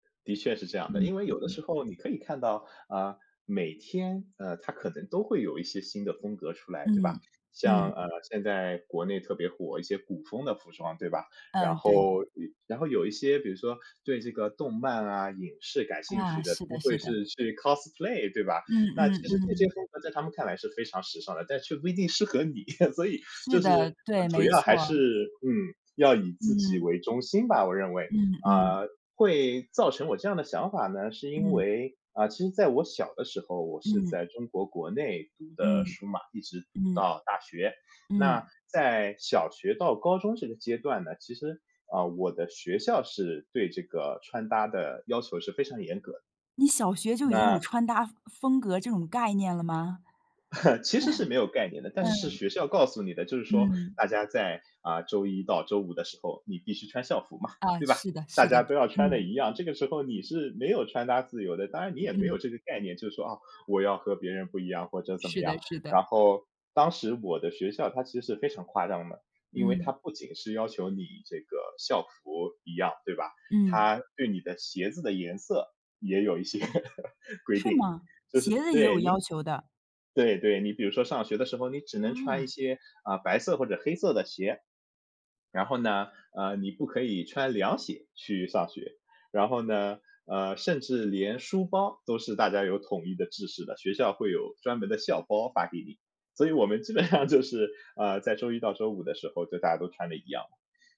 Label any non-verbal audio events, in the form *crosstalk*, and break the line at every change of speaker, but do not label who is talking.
的确是这样的。
嗯，
因为有的时
嗯。
候你可以看到，啊，每天，呃，它可能都会有一些新的风格出来，对吧？
嗯，
像，
嗯。
呃，现在国内特别火，一些古风的服装，对吧？然
嗯，对。
后呃，然后有一些比如说对这个动漫啊、影视感兴
啊，
趣的，他
是的，
们
是
会
的。
是去 cosplay 对吧？
嗯，
那
嗯，
其实这
嗯，
些
嗯。
风格在他们看来是非常时尚的，但是却不一定适合你。*laughs* 所以，
是
就是，
的，对，
主
没
要还
错。
是，嗯，要以自己
嗯。
为中心吧，我认为。
嗯，嗯。
啊，会造成我这样的想法呢，是因
嗯。
为啊，其实在我小的时候，我是
嗯。
在中国国内读的
嗯。
书嘛，一直读
嗯。
到大学。
嗯。
那在小学到高中这个阶段呢，其实，啊，我的学校是对这个穿搭的要求是非常严格。
你小学就已经有
那
穿搭风风格这种概念了吗？
*chuckles* 其实是没有概念的，
*chuckles*
但是
嗯。
学校告诉你的，就是说
嗯。
大家在，啊，周一到周五的时候，你必须穿校服嘛，
啊，
对吧？
是的，
大
是的。
家都要穿的
嗯。
一样，这个时候你是没有穿搭自由的，当然你也没
嗯。
有这个概念，就说，哦，我要和别人不一样或者怎么
是
样。
的，是的。
然后当时我的学校它其实是非常夸张的，因为
嗯。
它不仅是要求你这个校服一样，对吧？
嗯。
它对你的鞋子的颜色也有一些 *laughs* 规
是
定。
吗？
就
鞋
是
子也
对，
有
您
要求的。
对，对，你比如说上学的时候，你只能穿一
啊。
些，啊，白色或者黑色的鞋。然后呢，啊，你不可以穿凉鞋去上学。然后呢，呃，甚至连书包都是大家有统一的制式的，学校会有专门的校包发给你。所以我们基本上就是，啊，在周一到周五的时候，就大家都穿的一样。